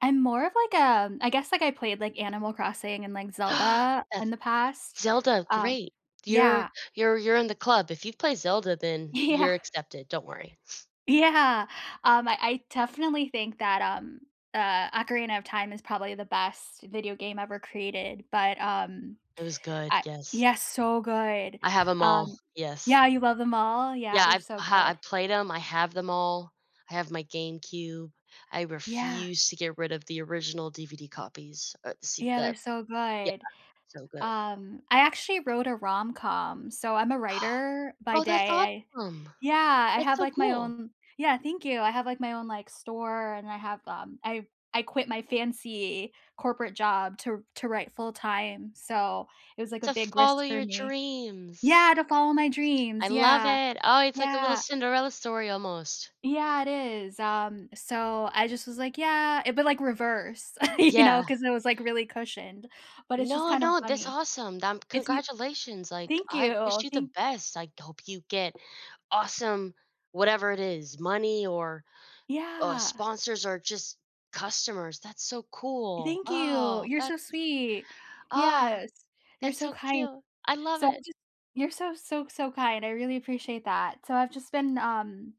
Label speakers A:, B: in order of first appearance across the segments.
A: I'm more of like, a I guess, like, I played, like, Animal Crossing and, like, Zelda in
B: That's
A: the past,
B: Zelda,
A: uh
B: great. You're
A: yeah.
B: you're you're in the club. If you play Zelda, then
A: Yeah.
B: you're accepted, don't worry.
A: Yeah. Um, I I definitely think that, um, uh, Ocarina of Time is probably the best video game ever created. But, um,
B: It was good,
A: I
B: yes.
A: yes, so good.
B: I have 'em all.
A: Um
B: Yes.
A: yeah, you love 'em all? Yeah,
B: Yeah,
A: they're
B: I've
A: so
B: ha
A: good.
B: I've played 'em. I have them all. I have my GameCube. I
A: Yeah.
B: refuse to get rid of the original DVD copies. Uh, see
A: Yeah, they're
B: that
A: so
B: Yeah.
A: good.
B: So good.
A: Um, I actually wrote a rom-com. So, I'm a writer by
B: Oh, that's
A: day, I
B: awesome.
A: Yeah, I
B: That's
A: have,
B: so
A: like, my
B: cool.
A: own Yeah, thank you. I have, like, my own, like, store, and I have um, I I quit my fancy corporate job to to write full time. So, it was, like, a
B: To
A: big risk
B: follow
A: for
B: your
A: me
B: dreams.
A: Yeah, to follow my
B: I
A: dreams,
B: love
A: yeah.
B: it. Oh, it's like a little
A: Yeah.
B: Cinderella story, almost.
A: Yeah, it is. Um, so I just was, like, yeah. It but like reverse, you know,
B: Yeah.
A: 'cause I was, like, really cushioned. But it's just
B: No,
A: kinda
B: no, that's
A: funny.
B: awesome. Dam
A: If you
B: congratulations, like,
A: Thank
B: I wish
A: you.
B: you the
A: Thank
B: best, I hope you get awesome, whatever it is, money or, uh,
A: Yeah.
B: sponsors or just customers. That's so cool.
A: Thank you.
B: Oh,
A: You're so
B: that's
A: sweet.
B: Oh,
A: Yes. You're
B: that's
A: so
B: so
A: kind.
B: cute. I love
A: So, I
B: it.
A: just you're so, so, so kind. I really appreciate that. So I've just been, um,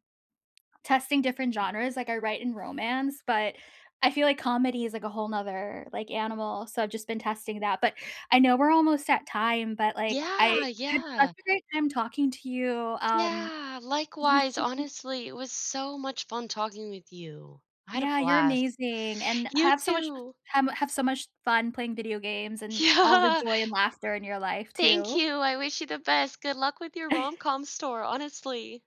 A: testing different genres, like, I write in romance, but I feel like comedy is like a whole 'nother, like, animal, so I've just been testing that. But, I know we're almost at time, but, like, I
B: Yeah,
A: it's such
B: yeah.
A: a great time talking to you, um,
B: Yeah,
A: what
B: likewise,
A: you think
B: honestly, it was so much fun talking with you. I had a
A: Yeah, you're
B: blast.
A: amazing, and
B: You
A: have so much
B: too.
A: ham have so much fun playing video games and all the
B: Yeah.
A: joy and laughter in your life,
B: Thank
A: too.
B: you, I wish you the best. Good luck with your rom-com store, honestly.